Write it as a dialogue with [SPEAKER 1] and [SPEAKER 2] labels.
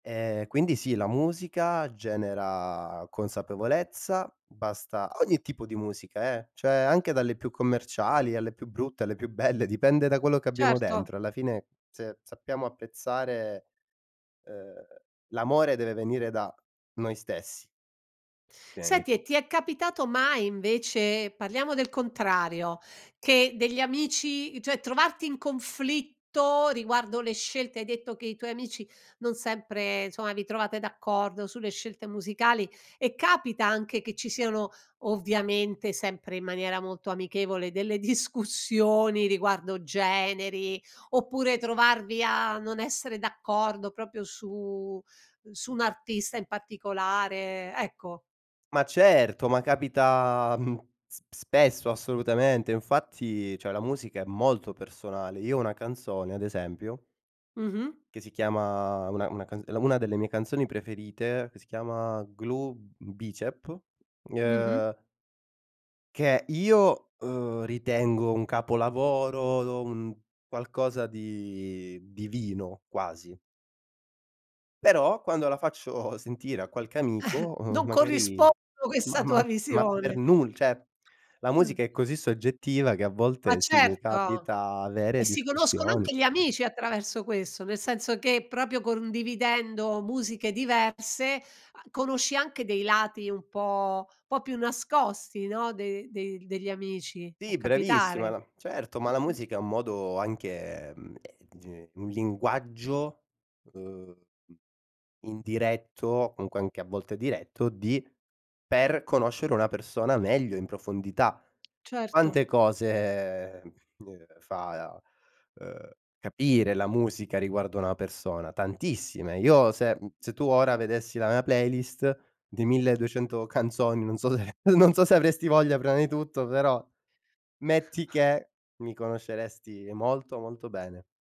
[SPEAKER 1] Ehm, quindi sì, la musica genera consapevolezza, basta ogni tipo di musica eh, cioè anche dalle più commerciali, alle più brutte, alle più belle, dipende da quello che abbiamo
[SPEAKER 2] Certo.
[SPEAKER 1] dentro. Alla fine se sappiamo apprezzare uhm, l'amore deve venire da noi stessi. Prima di
[SPEAKER 2] Senti e ti
[SPEAKER 1] tutto.
[SPEAKER 2] è capitato mai invece, parliamo del contrario, che degli amici cioè trovarti in conflitto riguardo le scelte hai detto che i tuoi amici non sempre insomma vi trovate d'accordo sulle scelte musicali e capita anche che ci siano, ovviamente sempre in maniera molto amichevole, delle discussioni riguardo generi, oppure trovarvi a non essere d'accordo proprio su su un artista in particolare? Ecco.
[SPEAKER 1] Ma certo, ma capita, mhmm, sp spesso assolutamente. Infatti cioè la musica è molto personale. Io ho una canzone ad esempio
[SPEAKER 2] Mh-mh.
[SPEAKER 1] che si chiama una una ca una delle mie canzoni preferite, che si chiama Glue Bicep,
[SPEAKER 2] Mh-mh.
[SPEAKER 1] uhm che io, uhm, ritengo un capolavoro, un qualcosa di divino quasi. Però, quando la faccio sentire a qualche amico, uhm,
[SPEAKER 2] Non
[SPEAKER 1] magari
[SPEAKER 2] corrispondo
[SPEAKER 1] ma
[SPEAKER 2] questa
[SPEAKER 1] ma
[SPEAKER 2] tua
[SPEAKER 1] ma per
[SPEAKER 2] visione.
[SPEAKER 1] nul cioè, la
[SPEAKER 2] Mh.
[SPEAKER 1] musica è così soggettiva che a
[SPEAKER 2] Ma
[SPEAKER 1] volte sì, mi
[SPEAKER 2] certo.
[SPEAKER 1] capita avere
[SPEAKER 2] E si conoscono
[SPEAKER 1] discussioni.
[SPEAKER 2] anche gli amici attraverso questo, nel senso che proprio condividendo musiche diverse a conosci anche dei lati un po' un pò più nascosti, no, de de degli amici, può
[SPEAKER 1] Sì, bravissima
[SPEAKER 2] capitare.
[SPEAKER 1] la certo, ma la
[SPEAKER 2] Mh-mh.
[SPEAKER 1] musica è un modo anche, mhmm, ehm, ge un linguaggio, uhm, indiretto, o comunque anche a volte diretto, di per conoscere una persona meglio in profondità.
[SPEAKER 2] Certo.
[SPEAKER 1] Quante cose, ehm, uhm, fa, uhm, capire la musica riguardo a una persona? Tantissime. Io se mhmm, se tu ora vedessi la mia playlist di 1200 canzoni, non so se non so se avresti voglia prima di tutto però, metti che, mi conosceresti molto molto bene.